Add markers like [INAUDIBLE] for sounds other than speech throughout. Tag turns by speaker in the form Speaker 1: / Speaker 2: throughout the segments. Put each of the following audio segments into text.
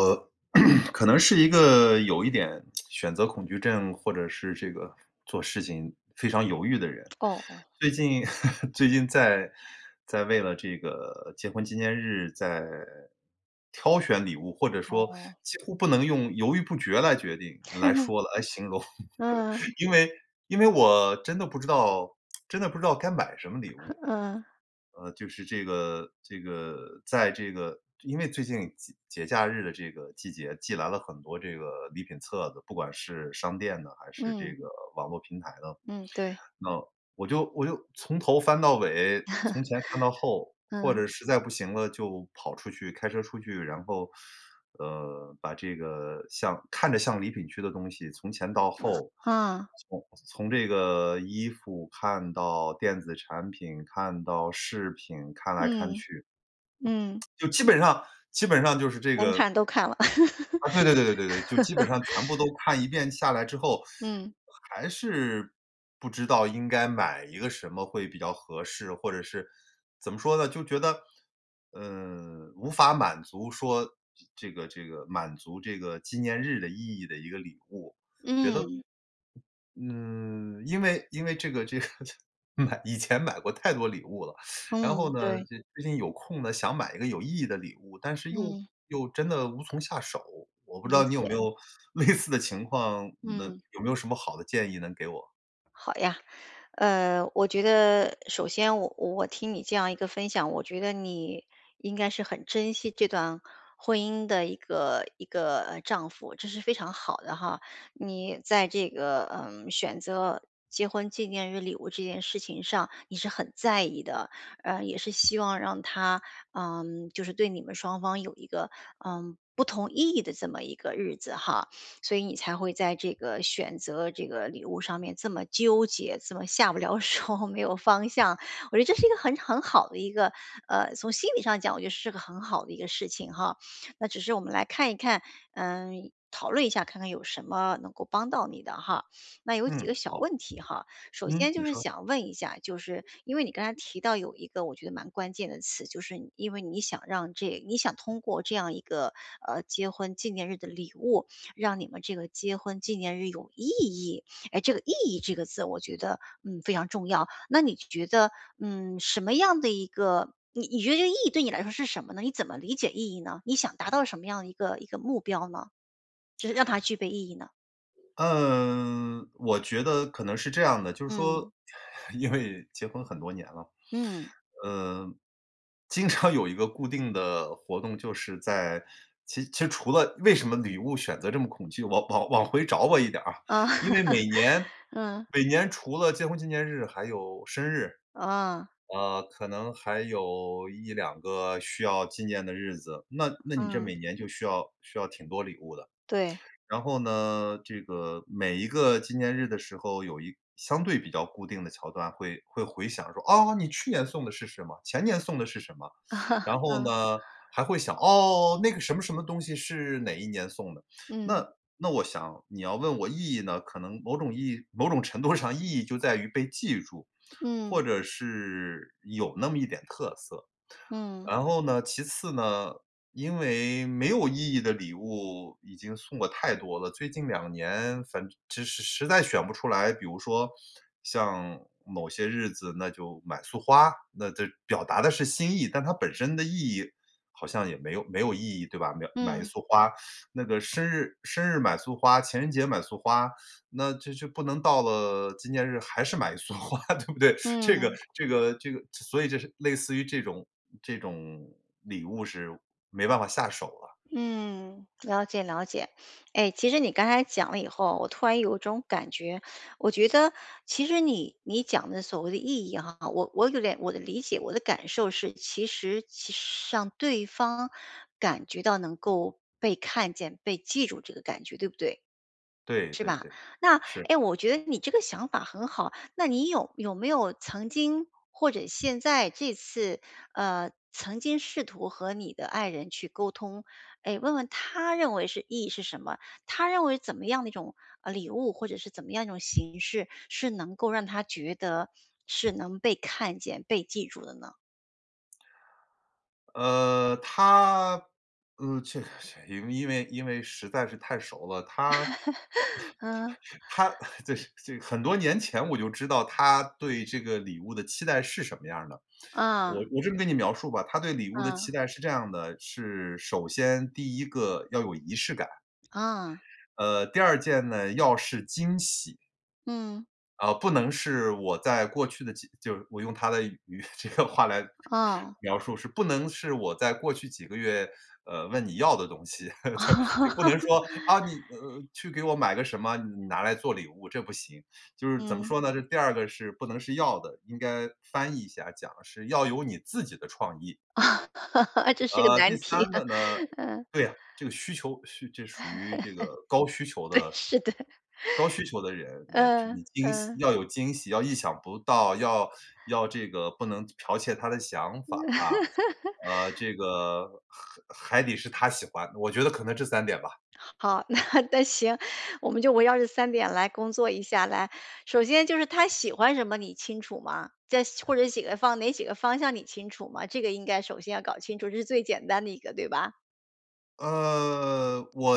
Speaker 1: 呃，[CLEARS THROAT] 可能是一个有一点 [TSK] 选择恐惧症或者是这个做事情非常犹豫的人。
Speaker 2: 哦哦。
Speaker 1: 最近 [LAUGHS] 最近在在为了这个结婚纪念日在挑选礼物，或者说
Speaker 2: 哦。
Speaker 1: 几乎不能用犹豫不决来决定来
Speaker 2: [CHUCKLES]
Speaker 1: 说了来形容。
Speaker 2: 嗯。
Speaker 1: [LAUGHS] 因为因为我真的不知道真的不知道该买什么礼
Speaker 2: [CHUCKLES]
Speaker 1: 物。
Speaker 2: 嗯。
Speaker 1: 呃，就是这个这个在这个因为最近节节假日的这个季节寄来了很多这个礼品册子，不管是商店的还是这
Speaker 2: 嗯。
Speaker 1: 个网络平台的，
Speaker 2: 嗯，对。
Speaker 1: 那我就我就从头翻到尾，从前看到
Speaker 2: [CHUCKLES]
Speaker 1: 后，或
Speaker 2: 嗯。
Speaker 1: 者实在不行了，就跑出去开车出去。然后，[SUCKS TEETH] 呃，把这个像看着像礼品区的东西，从前到
Speaker 2: [CHUCKLES]
Speaker 1: 后，
Speaker 2: 嗯。
Speaker 1: 从从这个衣服看到电子产品，看到饰品，看来看
Speaker 2: 嗯，
Speaker 1: 去，
Speaker 2: 嗯。
Speaker 1: [TSK] 就基本上基本上就是这
Speaker 2: 能
Speaker 1: 个
Speaker 2: 看都看了。
Speaker 1: 啊，对对对对对对，就基本上全部都
Speaker 2: [LAUGHS]
Speaker 1: 看一遍下来之后，
Speaker 2: 嗯。
Speaker 1: 还是不知道应该买一个什么会比较合适。或者是怎么说呢，就觉得，嗯，无法满足说这个这个满足这个纪念日的意义的一个礼物，我觉得，
Speaker 2: 嗯。
Speaker 1: 嗯，因为因为这个这个这买以前买过太多礼物了。然
Speaker 2: 嗯，
Speaker 1: 后呢，
Speaker 2: 对。
Speaker 1: 就最近有空呢，想买一个有意义的礼物，但是又
Speaker 2: 嗯。
Speaker 1: 又真的无从下手。我不知
Speaker 2: 理
Speaker 1: 道你有没
Speaker 2: 解。
Speaker 1: 有类似的情况，那
Speaker 2: 嗯。
Speaker 1: 有没有什么好的建议能给我？
Speaker 2: 好呀，呃，我觉得，首先我我听你这样一个分享，我觉得你应该是很珍惜这段婚姻的一个一个，呃，丈夫，这是非常好的哈。你在这个，嗯，选择结婚纪念日礼物这件事情上你是很在意的，呃，也是希望让她嗯，就是对你们双方有一个，嗯，不同意义的这么一个日子哈，所以你才会在这个选择这个礼物上面这么纠结，这么下不了手，没有方向。我觉得这是一个很很好的一个呃，从心理上讲，我觉得是个很好的一个事情哈。那只是我们来看一看，嗯，讨论一下，看看有什么能够帮到你的哈。那有几
Speaker 1: 嗯，
Speaker 2: 个小
Speaker 1: 好。
Speaker 2: 问题哈，首
Speaker 1: 嗯，
Speaker 2: 先就
Speaker 1: 你
Speaker 2: 是
Speaker 1: 说。
Speaker 2: 想问一下，就是因为你刚才提到有一个我觉得蛮关键的词，就是因为你想让这你想通过这样一个，呃，结婚纪念日的礼物，让你们这个结婚纪念日有意义。诶，这个意义这个字我觉得，嗯，非常重要。那你觉得，嗯，什么样的一个你你觉得这个意义对你来说是什么呢？你怎么理解意义呢，你想达到什么样的一个一个目标呢？就是让它具备意义呢。
Speaker 1: 嗯，我觉得可能是这样的，就是
Speaker 2: 嗯。
Speaker 1: 说，因为结婚很多年了。
Speaker 2: 嗯。
Speaker 1: 呃，经常有一个固定的活动就是在其其实除了为什么礼物选择这么恐惧，往往往回找回一点啊，
Speaker 2: 嗯，
Speaker 1: 因为每年
Speaker 2: [LAUGHS] 嗯。
Speaker 1: 每年除了结婚纪念日还有生日，
Speaker 2: 啊。
Speaker 1: 呃，可能还有1-2个需要纪念的日子，那那你这
Speaker 2: 嗯。
Speaker 1: 每年就需要需要挺多礼物的。
Speaker 2: 对。
Speaker 1: 然后呢，这个每一个纪念日的时候有一相对比较固定的桥段会会回想说，哦，你去年送的是什么？前年送的是什么？然
Speaker 2: [CHUCKLES]
Speaker 1: 后
Speaker 2: 嗯。
Speaker 1: 呢，还会想，哦，那个什么什么东西是哪一年送的。
Speaker 2: 嗯。
Speaker 1: 那那我想，你要问我意义呢，可能某种意义某种程度上意义就在于被记住，或
Speaker 2: 嗯。
Speaker 1: 者是有那么一点特色。
Speaker 2: 嗯。
Speaker 1: 然后呢，其次呢，因为没有意义的礼物已经送了太多了，最近2年反正只是实在选不出来，比如说像某些日子那就买束花，那这表达的是心意，但它本身的意义好像也没有没有意义，对吧。秒买一
Speaker 2: 嗯。
Speaker 1: 束花，那个生日生日买束花，情人节买束花，那就就不能到了纪念日还是买一束花，对不对。这个
Speaker 2: 嗯。
Speaker 1: 这个这个所以就是类似于这种这种礼物是没办法下手了。
Speaker 2: 嗯，了解了解，诶，其实你刚才讲了以后，我突然有种感觉，我觉得其实你你讲的所谓的意义哈，我我有点我的理解，我的感受是，其实让对方感觉到能够被看见、被记住这个感觉，对不对？
Speaker 1: 对对对，
Speaker 2: 是吧？那，
Speaker 1: 是。
Speaker 2: 诶，我觉得你这个想法很好，那你有有没有曾经或者现在这次，呃，曾经试图和你的爱人去沟通。诶，问问她认为是意义是什么，她认为怎么样的一种，呃，礼物，或者是怎么样一种形式是能够让她觉得是能被看见、被记住的呢？
Speaker 1: 呃她，呃，这个这个因为因为实在是太熟了，她
Speaker 2: [LAUGHS] 嗯。
Speaker 1: [CHUCKLES] 她这这很多年前我就知道，她对这个礼物的期待是什么样儿的。我
Speaker 2: 嗯。
Speaker 1: 我这么跟你描述吧，她对礼物的
Speaker 2: 嗯。
Speaker 1: 期待是这样的，是首先，第1个，要有仪式感。
Speaker 2: 啊。
Speaker 1: 呃，第2件呢，要是惊喜。
Speaker 2: 嗯。
Speaker 1: 呃，不能是我在过去的几就是我用她的语这个话来
Speaker 2: 哦。
Speaker 1: 描述，”是不能是我在过去几个月，呃问你要的东西“，[LAUGHS]
Speaker 2: 哦。
Speaker 1: 就不能说，“啊，那你你去给我买个什么，你拿来做礼物“。这不行。就是，怎么
Speaker 2: 嗯。
Speaker 1: 说呢，这第2个是不能要的，应该翻译一下讲，是要有你自己的创意。
Speaker 2: 这是个
Speaker 1: 呃，
Speaker 2: 难
Speaker 1: 第
Speaker 2: 题
Speaker 1: 3
Speaker 2: 啊，
Speaker 1: 个呢
Speaker 2: 嗯。
Speaker 1: 对啊，这个需求，这属于这个高需求
Speaker 2: 对，
Speaker 1: 的
Speaker 2: 是的。
Speaker 1: 高需求的人。呃，这
Speaker 2: 嗯
Speaker 1: 惊喜
Speaker 2: 嗯。
Speaker 1: 要有惊喜，要意想不到、要要这个，不能剽窃她的想法，啊。呃这个，还还得是她喜欢，我觉得可能这3点吧。
Speaker 2: 好，那那行，我们就围绕这3点来工作一下来，首先，就是她喜欢什么你清楚吗？在或者喜欢哪几个方向你清楚吗？这个应该首先要搞清楚，这是最简单的一个，对吧？
Speaker 1: 呃，我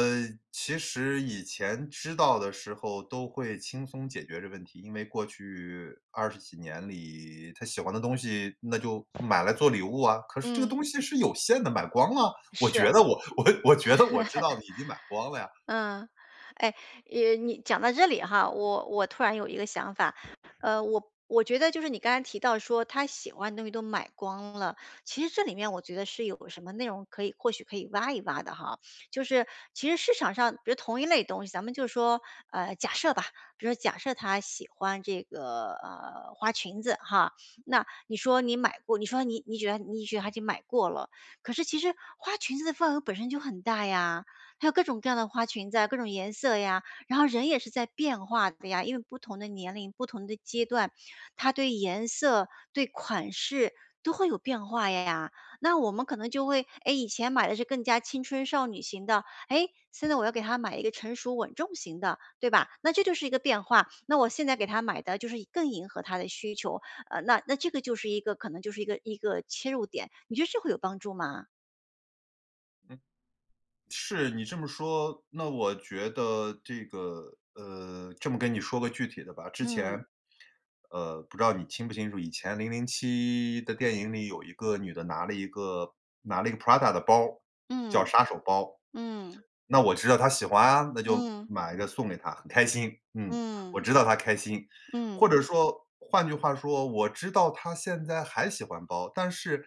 Speaker 1: 其实以前知道的时候都会轻松解决这个问题，因为过去二十几年里，她喜欢的东西，那就买来做礼物啊，可是这个
Speaker 2: 嗯。
Speaker 1: 东西是有限的，买光了，我
Speaker 2: 是啊。
Speaker 1: 觉
Speaker 2: [CHUCKLES]
Speaker 1: 得我我我觉得我知道的已经买光了呀。
Speaker 2: 嗯，哎，呃，你讲到这里哈，我我突然有一个想法，呃，我我觉得就是你刚才提到说她喜欢的东西都买光了，其实这里面我觉得是有什么内容可以或许可以挖一挖的哈。就是其实市场上，比如同一类东西，咱们就说，呃，假设吧比如假设她喜欢这个，呃，花裙子哈，那你说你买过，你说你你觉得你觉得她已经买过了，可是其实花裙子的份额本身就很大呀，还有各种各样的花裙子啊，各种颜色呀，然后人也是在变化的呀，因为不同的年龄，不同的阶段，她对颜色、对款式都会有变化呀，那我们可能就会诶，以前买的是更加青春少女型的，诶，现在我要给她买一个成熟稳重型的，对吧？那这就是一个变化，那我现在给她买的就是更迎合她的需求，呃，那那这个就是一个可能就是一个一个切入点，你觉得这会有帮助吗？
Speaker 1: 是，你这么说，那我觉得这个，呃这么跟你说个具体的吧。之
Speaker 2: 嗯。
Speaker 1: 前，呃，不知道你清不清楚？以前《007》的电影里有一个女的拿了一个拿了一个 Prada 的包，叫
Speaker 2: 嗯。
Speaker 1: 杀手包。
Speaker 2: 嗯。
Speaker 1: 那我知道她喜欢啊，那就
Speaker 2: 嗯。
Speaker 1: 买一个送给她，很开心。嗯，我
Speaker 2: 嗯。
Speaker 1: 知道她开心，或
Speaker 2: 嗯。
Speaker 1: 者说，换句话说我知道她现在还喜欢包，但是，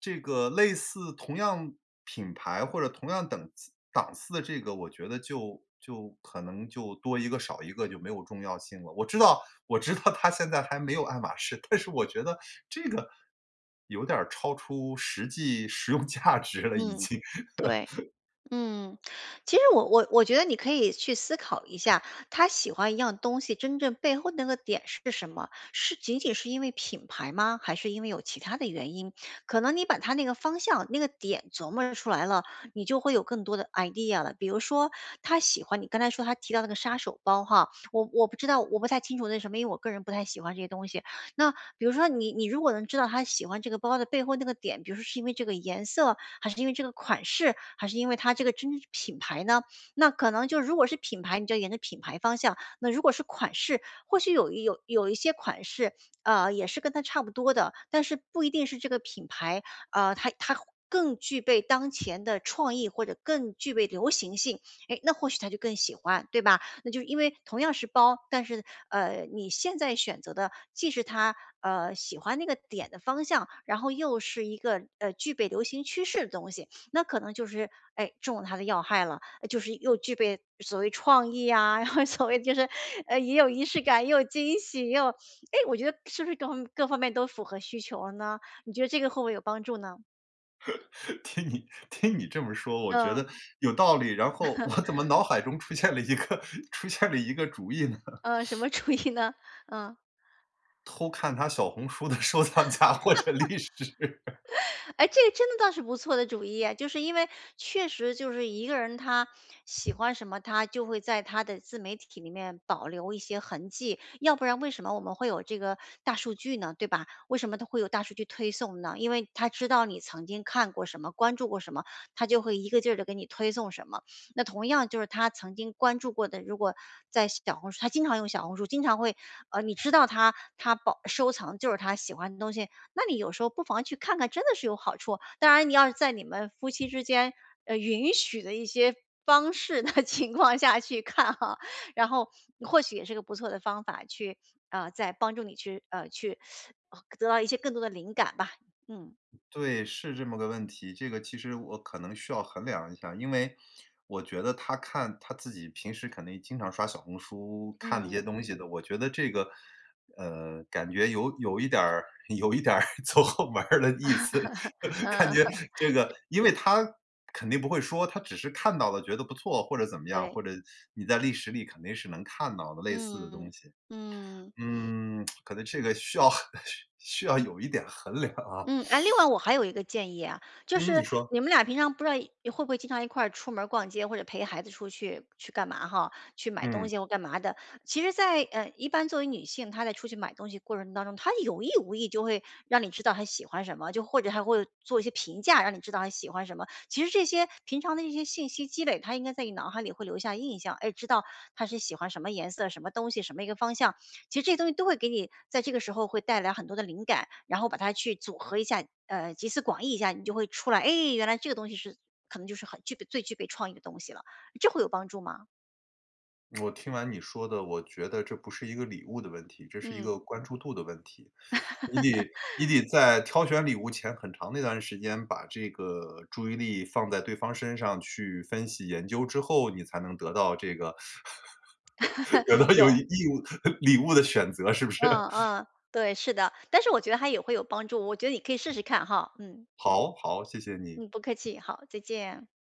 Speaker 1: 这个类似同样品牌或者同样等档次的这个我觉得就就，可能就多一个少一个就没有重要性了。我知道我知道她现在还没有爱马仕，但是我觉得，这个有点儿超出实际实用价值了已
Speaker 2: 嗯，
Speaker 1: 经。
Speaker 2: 对，
Speaker 1: [LAUGHS]
Speaker 2: 嗯，其实我我我觉得你可以去思考一下，她喜欢一样东西真正背后那个点是什么？是仅仅是因为品牌吗？还是因为有其他的原因？可能你把它那个方向那个点琢磨着出来了，你就会有更多的 Idea 了。比如说她喜欢你刚才说她提到那个“杀手包”哈，我我不知道我不太清楚那什么，因为我个人不太喜欢这些东西。那，比如说你你如果能知道她喜欢这个包的背后那个点，比如说是因为这个颜色？还是因为这个款式？还是因为它这个真品牌呢？那可能就如果是品牌，你就沿着品牌方向，那如果是款式，或许有一有有一些款式，呃，也是跟它差不多的，但是不一定是这个品牌，呃，它它更具备当前的创意或者更具备流行性，诶，那或许她就更喜欢，对吧？那就因为同样是包，但是，呃，你现在选择的既是她，呃，喜欢那个点的方向，然后又是一个，呃，具备流行趋势的东西，那可能就是，诶，中了她的要害了。就是又具备所谓创意呀，然后所谓就是，呃，也有仪式感，也有惊喜，又诶，我觉得是不是各方面各方面都符合需求了呢？你觉得这个会不会有帮助呢？
Speaker 1: [LAUGHS] 听你听你这么说我觉
Speaker 2: 嗯。
Speaker 1: 得，有道理，然后我怎么
Speaker 2: [CHUCKLES]
Speaker 1: 脑海中出现了一个出现了一个主意呢？[CHUCKLES]
Speaker 2: 呃，什么主意呢？嗯？
Speaker 1: 偷看她小红书的收藏夹或者历史。[LAUGHS]
Speaker 2: [LAUGHS] 诶，这个真的倒是不错的主意诶，就是因为，确实就是一个人她喜欢什么，她就会在她的自媒体里面保留一些痕迹，要不然为什么我们会有这个大数据呢，对吧？为什么它会有大数据推送呢？因为它知道你曾经看过什么关注过什么，它就会一个劲儿地给你推送什么。那同样就是她曾经关注过的，如果，在小红书她经常用小红书经常会呃，你知道她她保收藏就是她喜欢的东西，那你有时候不妨去看看真的是有好处。当然你要是在你们夫妻之间，呃，允许的一些方式的情况下去看哈，然后，或许也是个不错的方法去呃，在帮助你去呃，去得到一些更多的灵感吧，嗯。
Speaker 1: 对，是这么个问题，这个其实我可能需要衡量一下，因为，我觉得她看她自己平时肯定经常刷小红书，看那些
Speaker 2: 嗯。
Speaker 1: 东西的，我觉得这个，呃，感觉有有一点儿有一点儿走后门儿的意思，感觉
Speaker 2: [LAUGHS]
Speaker 1: 这
Speaker 2: 是。
Speaker 1: 个。因为她，肯定不会说，她只是看到了觉得不错或者怎么样？
Speaker 2: 对。
Speaker 1: 或者，你在历史里肯定是能看到的类似的
Speaker 2: 嗯
Speaker 1: 东西。
Speaker 2: 嗯。
Speaker 1: 嗯，[TSK] 可能这个需要需要有一点衡量啊。
Speaker 2: 嗯，哎另外我还有一个建议啊，就
Speaker 1: 嗯，你
Speaker 2: 是
Speaker 1: 说。
Speaker 2: 你们俩平常不知道会不会经常一块儿出门儿逛街或者陪孩子出去去干嘛哈？去买东
Speaker 1: 嗯。
Speaker 2: 西或干嘛的。其实在呃，一般作为女性，她在出去买东西的过程当中，她有意无意就会让你知道她喜欢什么，就或者还会做一些评价，让你知道她喜欢什么。其实这些平常的一些信息积累，它应该在你脑海里会留下印象，哎知道她是喜欢什么颜色、什么东西、什么一个方向，其实这些东西都会给你在这个时候会带来很多的灵感，然后把它去组合一下，呃，集思广益一下，你就会出来。诶，原来这个东西是可能就是很具备最具备创意的东西了，这会有帮助吗？
Speaker 1: 我听完你说的，我觉得这不是一个礼物的问题，这是一个
Speaker 2: 嗯。
Speaker 1: 关注度的问题。你得你
Speaker 2: [LAUGHS]
Speaker 1: 得在挑选礼物前很长那段时间把这个注意力放在对方身上去分析研究之后，你才能得到这个 [LAUGHS] 得到
Speaker 2: [LAUGHS]
Speaker 1: 有意
Speaker 2: 有。
Speaker 1: 义的礼物的选择是不是？
Speaker 2: 嗯嗯，对，是的，但是我觉得它也会有帮助，我觉得你可以试试看哈，嗯。
Speaker 1: 好好，谢谢你。
Speaker 2: 嗯，不客气，好，再见。